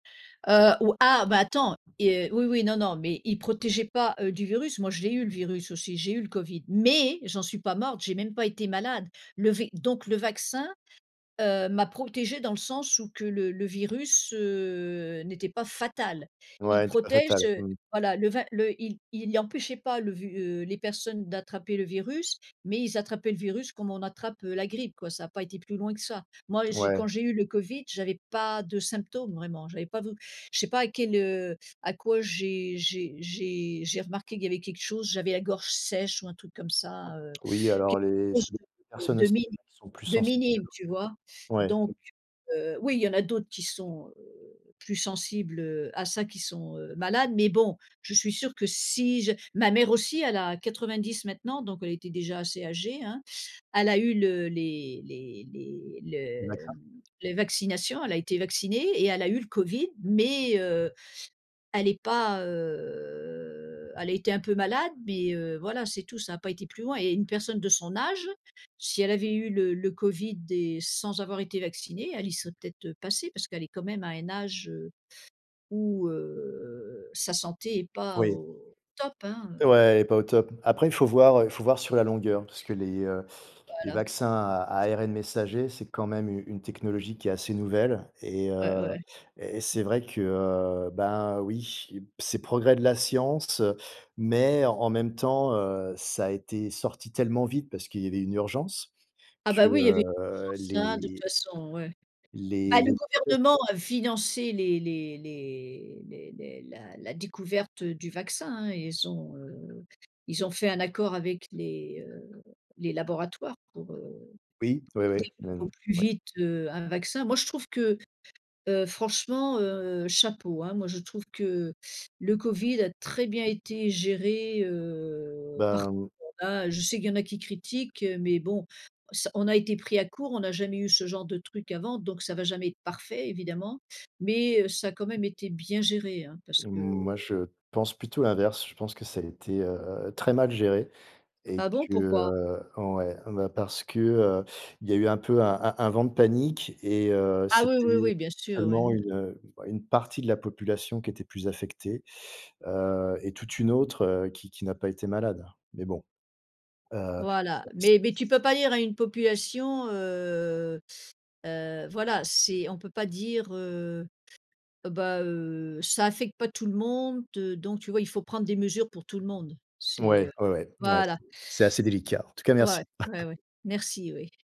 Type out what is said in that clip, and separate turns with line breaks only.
Heu, ou ah bah, attends! Et, heu, oui, oui, non, non, mais il protégeait pas, heu, du virus, moi je l'ai eu, le virus, aussi, j'ai eu le covid mais j'en suis pas morte, j'ai même pas été malade. Le v donc le vaccin, heu, m'a protégée dans le sens où que le le virus, heu, n'était pas fatal. Il
Ouais, était pas
protège,
fatal,
heu
mmh.
voilà, le va le il il y empêchait pas le ve heu, les personnes d'attraper le virus, mais ils attrapaient le virus comme on attrape, heu, la grippe, quoi. Ça a pas été plus loin que ça. Moi j'ai quand
Ouais.
j'ai eu le covid, j'avais pas de symptômes, vraiment, j'avais pas vou je sais pas à quel, heu à quoi j'ai j'ai j'ai j'ai remarqué qu'il y avait quelque chose, j'avais la gorge sèche ou un truc comme ça, heu,
Oui,
quelque
alors les ça
chose
dépend des
de
personnes
de
aussi,
mini
il y en a qui sont plus
de
sensibles que
minime, tu vois?
d'autres.
Donc,
Ouais.
heu, oui, il y en a d'autres qui sont, heu, plus sensibles, heu, à ça, qui sont, heu, malades, mais bon, je suis sûre que si je ma mère aussi, elle a 90 maintenant. Donc elle était déjà assez âgée, hein, elle a eu le les les les
Les
le,
médecins?
mmh les vaccinations, elle a été vaccinée et elle a eu le covid, mais, heu, elle est pas, heu, elle a été un peu malade, mais, heu, voilà, c'est tout, ça a pas été plus loin. Et une personne de son âge, si elle avait eu le le covid et sans avoir été vaccinée, elle y serait peut-être, heu, passée, parce qu'elle est quand même à un âge, heu, où, heu, sa santé est pas
Oui.
au top, hein, heu
Ouais, est pas au top. Après, il faut voir, heu, il faut voir sur la longueur. Parce que les, heu, les
Voilà.
vaccins à ARN messager, c'est quand même u une technologie qui est assez nouvelle. Et,
Ouais,
heu,
ouais.
et c'est vrai que, bah oui, c'est progrès de la science, heu, mais en même temps, heu, ça a été sorti tellement vite, parce qu'il y avait une urgence
Ah
que,
bah oui, il y avait
heu,
urgence, hein, de toute
les
façon, ouais.
Les
Bah le
les tests
gouvernement a financé les les les les les la la découverte, heu, du vaccin, hein, ils ont, heu, ils ont fait un accord avec les, heu, les laboratoires pour, heu,
Oui. Ouais, ouais. Mais
développer au
n
plus
ouais.
vite, heu, un vaccin. Moi je trouve que, heu, franchement, heu, chapeau, hein, moi je trouve que le covid a très bien été géré, heu, par
Ben mmh
[unintelligible] hein. Je sais qu'il y en a qui critiquent, heu, mais bon ça on a été pris à court, on a jamais eu ce genre de truc avant, donc ça va jamais être parfait évidemment, mais, heu, ça a quand même été bien géré, hein. Parce que heu
moi, je pense plutôt l'inverse. Je pense que ça a été, heu, très mal géré et
Ah bon?
que,
Pourquoi?
heu ouais, ben parce que, heu, il y a eu un peu un un un vent de panique et, heu,
Ah oui,
c'était
oui, oui, bien sûr, oui.
seulement une, heu, bah une partie de la population qui était plus affectée, heu, et toute une autre, heu, qui qui n'a pas été malade. Mais bon. Heu, c'est
Voilà,
c c
mais mais tu
c
peux pas dire à une population, heu, heu, voilà, c'est on peut pas dire, heu: «Bah, heu, ça affecte pas tout le monde, heu», donc tu vois, il faut prendre des mesures pour tout le monde. C'est,
Mouais,
heu.
ouais, ouais. Mouais,
Voilà!
c'est c'est assez délicat. En tout cas
Ouais,
merci!
ouais, ouais. Merci, oui.